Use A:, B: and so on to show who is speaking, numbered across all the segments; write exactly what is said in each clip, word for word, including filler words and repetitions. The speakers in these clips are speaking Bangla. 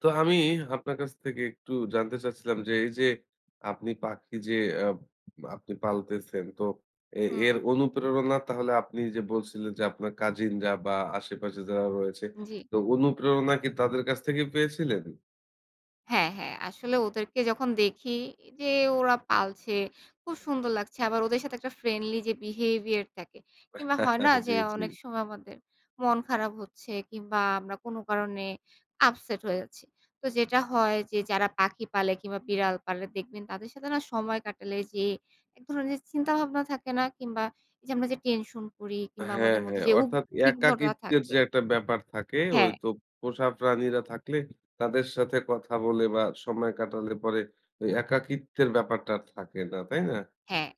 A: তো আমি আপনার কাছ থেকে একটু জানতে চাচ্ছিলাম যে, এই যে আপনি পাখি যে আ আপনি পালতেছেন তো এ এর
B: হু।
A: অনুপ্রেরণা তাহলে আপনি যে বলছিলেন, যে আপনার কাজিনরা বা আশেপাশে যারা রয়েছে
B: জি।
A: তো অনুপ্রেরণা কি তাদের কাছ থেকে পেয়েছিলেন?
B: হ্যাঁ, হ্যাঁ আসলে ওদেরকে যখন দেখি যে ওরা পালছে খুব সুন্দর লাগছে। আবার ওদের সাথে একটা ফ্রেন্ডলি যে behavior থাকে। কিংবা হয় না
A: জি,
B: যে?
A: জি।
B: অনেক সময় আমাদের মন খারাপ হচ্ছে কিংবা আমরা কোন কারণে upset হয়ে যাচ্ছি। তো যেটা হয় যে যারা পাখি পালে কিংবা বিড়াল পালে, দেখবেন তাদের সাথে না সময় কাটালে যেয়ে এক ধরনের চিন্তাভাবনা থাকে না কিংবা যে আমরা যে টেনশন করি কিংবা
A: হ্যাঁ,
B: আমাদের মধ্যে,
A: হ্যাঁ।
B: যে
A: অর্থাৎ
B: উদ্বিগ্নতা
A: একাকিত্বের
B: থাকে
A: যে একটা ব্যাপার থাকে, ঐ
B: হ্যাঁ।
A: তো পোষা প্রাণীরা থাকলে তাদের সাথে কথা বলে বা সময় কাটালে পরে ওই একাকিত্বের ব্যাপারটা আর থাকে না। তাই না?
B: হ্যাঁ,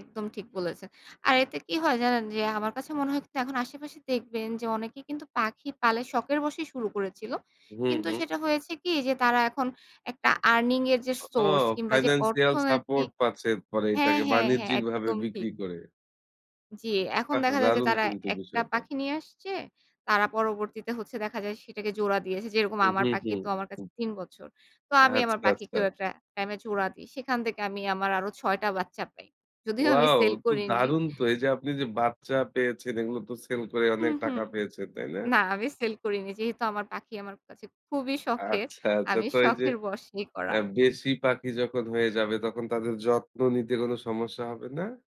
B: একদম ঠিক বলেছেন। আর এতে কি হয় জানেন? যে আমার কাছে মনে হয় কিন্তু এখন আশেপাশে দেখবেন যে অনেকেই কিন্তু পাখি পালে শখের বশেই শুরু করেছিল।
A: হুম,
B: কিন্তু
A: হুম।
B: সেটা হয়েছে কি যে তারা এখন একটা আর্নিং এর যে
A: ও
B: সোর্স কিংবা যে
A: financial support
B: অর্থনৈতিক
A: পাচ্ছেন। পরে
B: হ্যাঁ,
A: এটাকে
B: হ্যাঁ, হ্যাঁ
A: বাণিজ্যিক ভাবে
B: একদম ঠিক।
A: বিক্রি করে।
B: জি, এখন
A: বাহ!
B: দেখা যায় যে
A: দারুণ
B: তারা
A: কিন্তু
B: একটা
A: বিষয়টা।
B: পাখি নিয়ে আসছে। তারা পরবর্তীতে হচ্ছে দেখা যায় সেটাকে জোড়া দিয়েছে। যেরকম
A: হুম,
B: আমার
A: হু, হু,
B: পাখি তো আমার
A: হু।
B: কাছে তিন বছর। তো আমি আমার
A: আচ্ছা, আচ্ছা।
B: পাখিকেও একটা টাইম এ জোড়া দেই। সেখান থেকে আমি আমার আরো ছয় টা বাচ্চা পাই। যদিও আমি
A: ওয়াও!
B: সেল
A: তো
B: করিনি।
A: দারুন তো এই যে আপনি যে বাচ্চা পেয়েছেন, এগুলো তো সেল করে অনেক
B: হুম, হুম
A: টাকা পেয়েছেন, তাই না?
B: না আমি সেল করিনি। যেহেতু আমার পাখি আমার কাছে খুবই শখের।
A: আচ্ছা, আচ্ছা।
B: আমি
A: তো এই যে
B: শখের বশে করা।
A: অ্যা বেশি পাখি যখন হয়ে যাবে তখন তাদের যত্ন নিতে কোন সমস্যা হবে না?